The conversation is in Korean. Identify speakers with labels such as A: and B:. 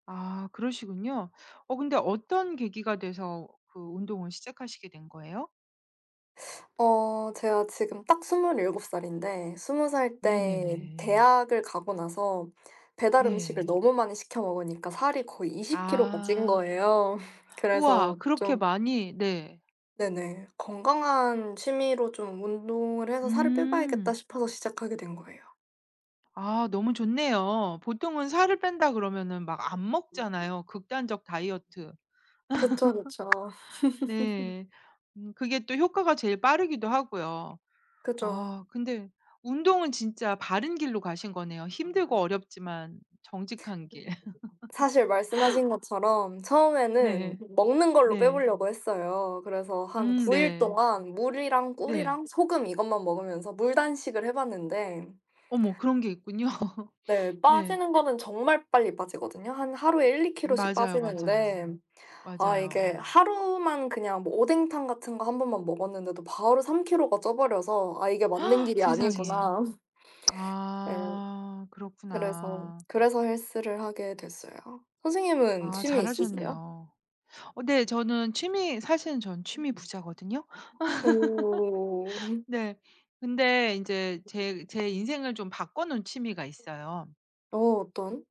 A: 아. 그러시군요. 어 근데 어떤 계기가 돼서 그 운동을 시작하시게 된 거예요?
B: 어 제가 지금 딱 27 살인데 20 살 때
A: 네네네.
B: 대학을 가고 나서 배달 음식을
A: 네.
B: 너무 많이 시켜 먹으니까 살이 거의 20 키로가 찐
A: 아.
B: 거예요.
A: 우와.
B: 그래서
A: 그렇게
B: 좀
A: 많이. 네.
B: 네네. '건강한 취미로 좀 운동을 해서 살을 빼 봐야겠다.'
A: 음.
B: 싶어서 시작하게 된 거예요.
A: 아. 너무 좋네요. 보통은 살을 뺀다 그러면은 막 안 먹잖아요. 극단적 다이어트.
B: 그쵸, 그쵸.
A: 네. 음 그게 또 효과가 제일 빠르기도 하고요. 아
B: 그죠.
A: 근데 운동은 진짜 바른 길로 가신 거네요. 힘들고
B: [unintelligible]
A: 어렵지만 정직한 길.
B: 사실 말씀하신 것처럼 처음에는
A: 네.
B: 먹는 걸로 빼
A: 네.
B: 보려고 했어요. 그래서 한
A: 음.
B: 9 일
A: 네.
B: 동안 물이랑
A: 네.
B: 꿀이랑 소금 이것만 먹으면서 물 단식을 해봤는데
A: 어머 그런 게 있군요.
B: 네.
A: 네.
B: 빠지는 거는 정말 빨리 빠지거든요. 한 하루에 1-2kg 씩
A: 맞아요, 맞아요.
B: 빠지는데 아 이게
A: 맞아요.
B: 하루만 그냥 뭐 오뎅탕 같은 거 1 번만 먹었는데도 바로 3kg 가 쪄버려서 '아 이게 맞는 길이
A: 세상에.
B: 아니구나.' 네.
A: 아.
B: 그래서
A: 그렇구나.
B: 그래서 헬스를 하게 됐어요. 선생님은
A: 아
B: 취미 있으세요?
A: 잘하셨네요. 어 네 저는 취미 사실은 저는 취미 부자거든요.
B: 오.
A: 네. 근데 인제 제 제 인생을 좀 바꿔놓은 취미가 있어요.
B: 어 어떤?